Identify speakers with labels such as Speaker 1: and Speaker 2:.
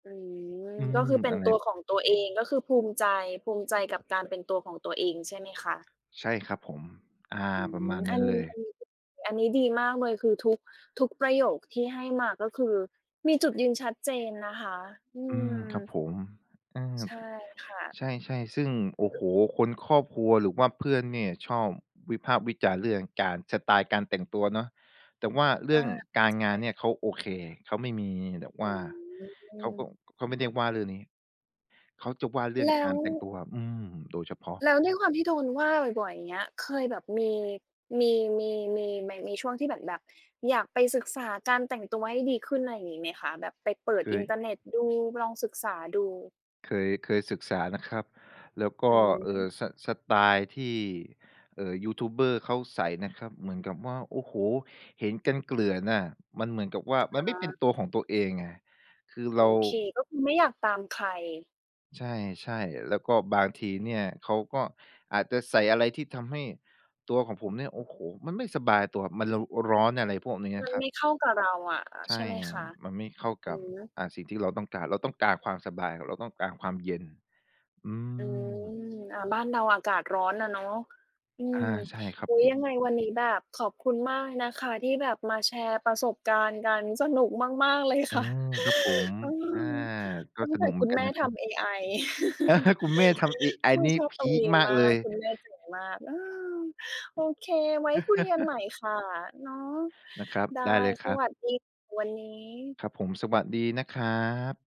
Speaker 1: อืม
Speaker 2: อื
Speaker 1: ก็
Speaker 2: ม
Speaker 1: คือเป็
Speaker 2: อ
Speaker 1: น
Speaker 2: ะไร?
Speaker 1: ตัวของตัวเอง ก็คือภูมิใจ ภูมิใจกับการเป็นตัวของตัวเอง ใช่ไหมคะ?
Speaker 2: ใช่ ครับผม อา
Speaker 1: อื
Speaker 2: ประม
Speaker 1: ม
Speaker 2: าณ
Speaker 1: อ
Speaker 2: น
Speaker 1: ั
Speaker 2: ั้
Speaker 1: น
Speaker 2: นเลย
Speaker 1: อันนี้ดี อันนี้ดีมากเลย คือทุก ทุกประโยคที่ให้มา ก็คือมีจุดยืนชัดเจนนะคะ อื
Speaker 2: อืม ครั
Speaker 1: ม
Speaker 2: บผม เออ อ
Speaker 1: ใช่ค่ะ
Speaker 2: ใช่ ๆ ซึ่ง โอ้โฮ คน ครอบครัว หรือว่าเพื่อนเนี่ยชอบวิพากษ์วิจารณ์เรื่องการ สไตล์การแต่งตัวเนาะ แต่ว่าเร
Speaker 1: เอ
Speaker 2: ื
Speaker 1: อ
Speaker 2: ่อง
Speaker 1: ใช
Speaker 2: การงานเนี่
Speaker 1: ่
Speaker 2: ย เขาโอเค เขาไม่มีแบบว่า
Speaker 1: อื
Speaker 2: เขา
Speaker 1: ม
Speaker 2: ก็ เขาไม่ได้ว่าเรื่องนี้ เขาจะว่าเรื่อ
Speaker 1: แ
Speaker 2: ง
Speaker 1: ล้
Speaker 2: กา
Speaker 1: ว
Speaker 2: รแต่งตัวอะ อืม โดยเฉพาะ
Speaker 1: แล้วด้วยความที่โดนว่าบ่อย ๆ อย่างเงี้ย เคยแบบมี มี มี มีไหม มีช่วงที่เหมือนแบบอยากไปศึกษาการแต่งตัวให้ดีขึ้น ไรงี้ไหมคะ? แบบไปเปิด
Speaker 2: เ
Speaker 1: อินเท
Speaker 2: คย
Speaker 1: อร์เน็ต ดู ลองศึกษาดู
Speaker 2: เคย เคยศึกษานะครับ แล้วก
Speaker 1: อื
Speaker 2: ็
Speaker 1: อ
Speaker 2: เอ
Speaker 1: ฮ
Speaker 2: ่
Speaker 1: ึ
Speaker 2: อ ส สไตล์ที่ เอ่อ ยูทูบเบอร์ เขาใส่นะครับ เหมือนกับว่า โอ้โฮ เห็นกันเกลื่อนน่ะ มันเหมือนกับว่า ม
Speaker 1: อ
Speaker 2: ั
Speaker 1: ๋
Speaker 2: นไม่เป็น
Speaker 1: อ
Speaker 2: ตัวของตัวเองไง คือเ
Speaker 1: โ
Speaker 2: ร
Speaker 1: อ
Speaker 2: า
Speaker 1: เค ก็คือไม่อยากตามใคร
Speaker 2: ใช่ ๆ แล้วก็บางทีเนี่ยเขาก็อาจจะใส่อะไรที่ทำให้ตัวของผมเนี่ย โอ้โฮ มันไม่สบายตัว มัน เราร้อน อะไรพวกนี้อ
Speaker 1: มั
Speaker 2: ะ
Speaker 1: น
Speaker 2: ครั
Speaker 1: ไม
Speaker 2: บ
Speaker 1: ่เข้ากับเราอะ อา
Speaker 2: ใช
Speaker 1: ใช่
Speaker 2: ่
Speaker 1: ไหมคะ?
Speaker 2: มันไม่เข้า
Speaker 1: อ
Speaker 2: ก
Speaker 1: ื
Speaker 2: ั
Speaker 1: อ
Speaker 2: บ
Speaker 1: ฮึ
Speaker 2: อ่า สิ่งที่เราต้องการ เราต้องการความสบาย เราต้องการความเย็น อื
Speaker 1: อืม
Speaker 2: ม
Speaker 1: อา บ้านเราอากาศร้อนน่ะเนาะ อื
Speaker 2: อ
Speaker 1: ม
Speaker 2: า ใช่ครั
Speaker 1: อ
Speaker 2: บ
Speaker 1: ุ๊ย
Speaker 2: ผ
Speaker 1: ย
Speaker 2: ม
Speaker 1: ังไงวันนี้แบบขอบคุณมากเลยนะคะที่แบบมาแชร์ประสบการณ์กัน สนุกมาก ๆ เลย
Speaker 2: อ
Speaker 1: ค
Speaker 2: ื
Speaker 1: ่ะ
Speaker 2: ม ครับผม
Speaker 1: เออ
Speaker 2: อา ก็
Speaker 1: ตั้ง
Speaker 2: ส
Speaker 1: แต่
Speaker 2: นุกเหม
Speaker 1: ค
Speaker 2: ื
Speaker 1: ุ
Speaker 2: อ
Speaker 1: ณ
Speaker 2: นก
Speaker 1: แ
Speaker 2: ั
Speaker 1: ม
Speaker 2: น
Speaker 1: ่
Speaker 2: นะ
Speaker 1: ท
Speaker 2: ครับ
Speaker 1: ำเอไอ
Speaker 2: คุณแม่ทำเอไอ
Speaker 1: เออ
Speaker 2: นี่
Speaker 1: ชอบ
Speaker 2: พ
Speaker 1: ตรง
Speaker 2: ีก
Speaker 1: นี้
Speaker 2: มาก
Speaker 1: มา
Speaker 2: เล
Speaker 1: ก
Speaker 2: ย
Speaker 1: คุณแม่เก่งมาก เออ โอเค ไว้คุยกันใหม่ค่ะ เนาะ
Speaker 2: นะครับ
Speaker 1: ได้
Speaker 2: ได้เลยค
Speaker 1: ส
Speaker 2: รับ
Speaker 1: วัสดี วันนี้
Speaker 2: ครับผม สวัสดีนะครับ